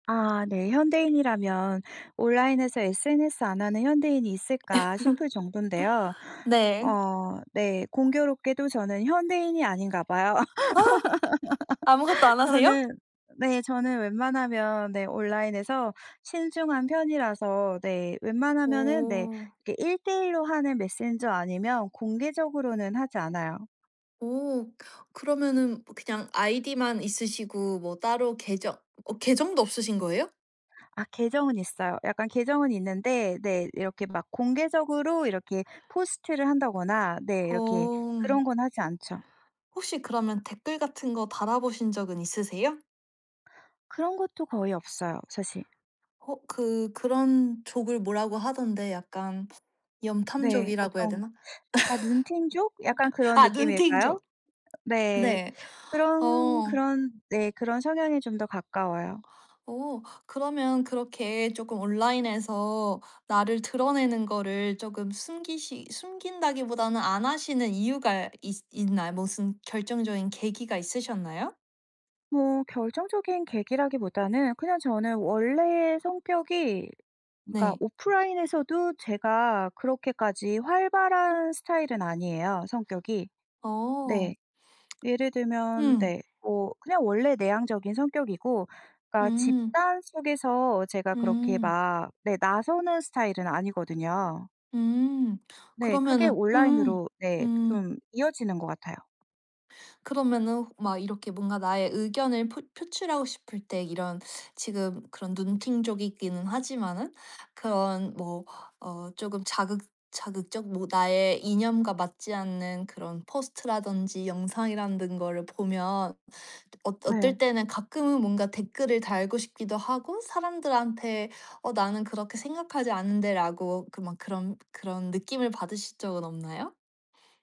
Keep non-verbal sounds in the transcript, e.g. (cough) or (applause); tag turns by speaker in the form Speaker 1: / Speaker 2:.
Speaker 1: 아 네. 현대인이라면 온라인에서 SNS 안 하는 현대인이 있을까 싶을 정도인데요.
Speaker 2: (laughs) 네.
Speaker 1: 어 네 공교롭게도 저는 현대인이 아닌가 봐요.
Speaker 2: 아 아무것도
Speaker 1: (laughs)
Speaker 2: 안 하세요?
Speaker 1: 저는 네 저는 웬만하면 네 온라인에서 신중한 편이라서 네 웬만하면은 네
Speaker 2: 오.
Speaker 1: 이렇게 1:1 로 하는 메신저 아니면 공개적으로는 하지 않아요.
Speaker 2: 오. 그러면은 그냥 아이디만 있으시고 뭐 따로 계정 어 계정도 없으신 거예요?
Speaker 1: 아 계정은 있어요. 약간 계정은 있는데 네 이렇게 막 공개적으로 이렇게 포스트를 한다거나 네 이렇게
Speaker 2: 어.
Speaker 1: 그런 건 하지 않죠.
Speaker 2: 혹시 그러면 댓글 같은 거 달아 보신 적은 있으세요?
Speaker 1: 그런 것도 거의 없어요 사실.
Speaker 2: 어 그 그런 족을 뭐라고 하던데 약간
Speaker 1: 네.
Speaker 2: 염탐족이라고 해야
Speaker 1: 어떤
Speaker 2: 되나?
Speaker 1: 약간 눈팅족 약간
Speaker 2: (laughs)
Speaker 1: 그런
Speaker 2: 아
Speaker 1: 느낌일까요?
Speaker 2: 눈팅족.
Speaker 1: 네.
Speaker 2: 네.
Speaker 1: 그런
Speaker 2: 어.
Speaker 1: 그런 네 그런 성향에 좀 더 가까워요.
Speaker 2: 오. 그러면 그렇게 쪼끔 온라인에서 나를 드러내는 거를 쪼금 숨기시 숨긴다기보다는 안 하시는 이유가 있으 있나요? 무슨 결정적인 계기가 있으셨나요?
Speaker 1: 뭐 결정적인 계기라기보다는 그냥 저는 원래 성격이 그러니까
Speaker 2: 네.
Speaker 1: 오프라인에서도 제가 그렇게까지 활발한 스타일은 아니에요 성격이.
Speaker 2: 어.
Speaker 1: 네. 예를 들면
Speaker 2: 음.
Speaker 1: 네 뭐 그냥 원래 내향적인 성격이고 그러니까
Speaker 2: 음.
Speaker 1: 집단 속에서 제가 그렇게
Speaker 2: 음.
Speaker 1: 막 네 나서는 스타일은 아니거든요.
Speaker 2: 음.
Speaker 1: 네. 그게
Speaker 2: 그러면은 음
Speaker 1: 온라인으로 네
Speaker 2: 음.
Speaker 1: 좀 이어지는 것 같아요.
Speaker 2: 그러면은 호 막 이렇게 뭔가 나의 의견을 포 표출하고 싶을 때 이런 지금 그런 눈팅족이기는 하지만은 그런 뭐 어 쪼금 자극 자극적 뭐 나의 이념과 맞지 않는 그런 포스트라든지 영상이라는 거를 보면 어 어떨
Speaker 1: 네.
Speaker 2: 때는 가끔은 뭔가 댓글을 달고 싶기도 하고 사람들한테 "어 나는 그렇게 생각하지 않는데?"라고 그 막 그런 그런 느낌을 받으신 적은 없나요?